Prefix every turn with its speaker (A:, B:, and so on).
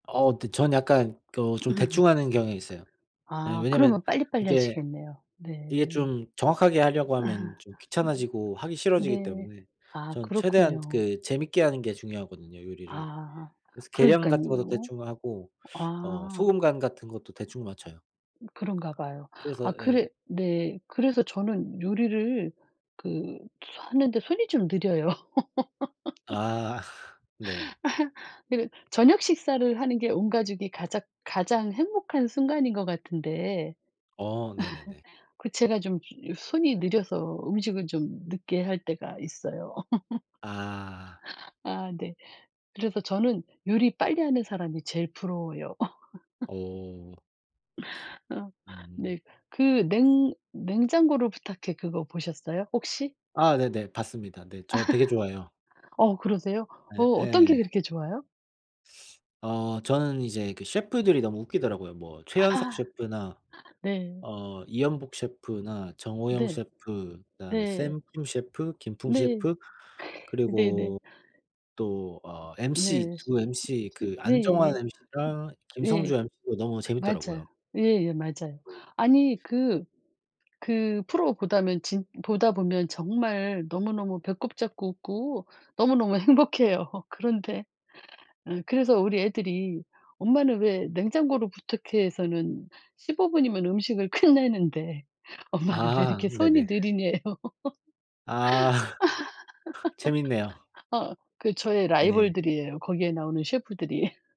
A: 어 근데 저는 약간 또 좀 대충 하는 경향이 있어요. 예
B: 아
A: 왜냐면
B: 그러면 빨리, 빨리
A: 이게,
B: 하시겠네요.
A: 이게
B: 네.
A: 좀 정확하게 하려고 하면 좀 귀찮아지고 하기
B: [unintelligible]
A: 싫어지기
B: 네.
A: 때문에
B: 아
A: 저는 최대한
B: 그렇군요.
A: 그 재밌게 하는 게 중요하거든요, 요리를.
B: 아
A: 그래서 계량 같은 것도
B: 그러니깐요.
A: 대충 하고 어
B: 아.
A: 소금 간 같은 것도 대충 맞춰요.
B: 그런가 봐요. 아
A: 그래서
B: 그래
A: 예.
B: 네. 그래서 저는 요리를 그 하는데 손이 좀 느려요.
A: 아 네.
B: 그리고 저녁 식사를 하는 게 온 가족이 가작 가장 행복한 순간인 것 같은데
A: 어 네네네.
B: 그 제가 좀 요 손이 느려서 음식을 좀 늦게 할 때가 있어요.
A: 아.
B: 아 네. 그래서 저는 요리 빨리 하는 사람이 제일 부러워요.
A: 어.
B: 어
A: 음.
B: 네. 그 냉 냉장고를 부탁해. 그거 보셨어요 혹시?
A: 아 네네. 봤습니다. 네. 저 되게 좋아해요.
B: 어 그러세요? 어
A: 예
B: 어떤 게
A: 예.
B: 그렇게 좋아요?
A: 어 저는 이제 그 셰프들이 너무 웃기더라고요. 뭐
B: 아하
A: 최현석
B: 아하
A: 셰프나
B: 네.
A: 어 이연복 셰프나 정호영
B: 네.
A: 셰프 그다음에
B: 네.
A: 샘프로 셰프 김풍
B: 네.
A: 셰프
B: 네네.
A: 그리고 또 어 mc
B: 네.
A: 두 mc
B: 그
A: 그 안정환
B: 네네네. 음
A: mc랑 김성주
B: 네.
A: mc도 너무
B: 맞아요.
A: 재밌더라고요.
B: 예예 맞아요.
A: 네.
B: 아니 그 그 프로 보다면 진 보다 보면 정말 너무너무 배꼽 잡고 웃고 너무너무 행복해요. 그런데 어 그래서 우리 애들이 "엄마는 왜 냉장고를 부탁해에서는 15 분이면 음식을 끝내는데 엄마는 왜
A: 아
B: 이렇게 손이
A: 네네.
B: 느리녜요."
A: 아. 재밌네요.
B: 어 그 저의
A: 네.
B: 라이벌들이에요, 거기에 나오는 셰프들이.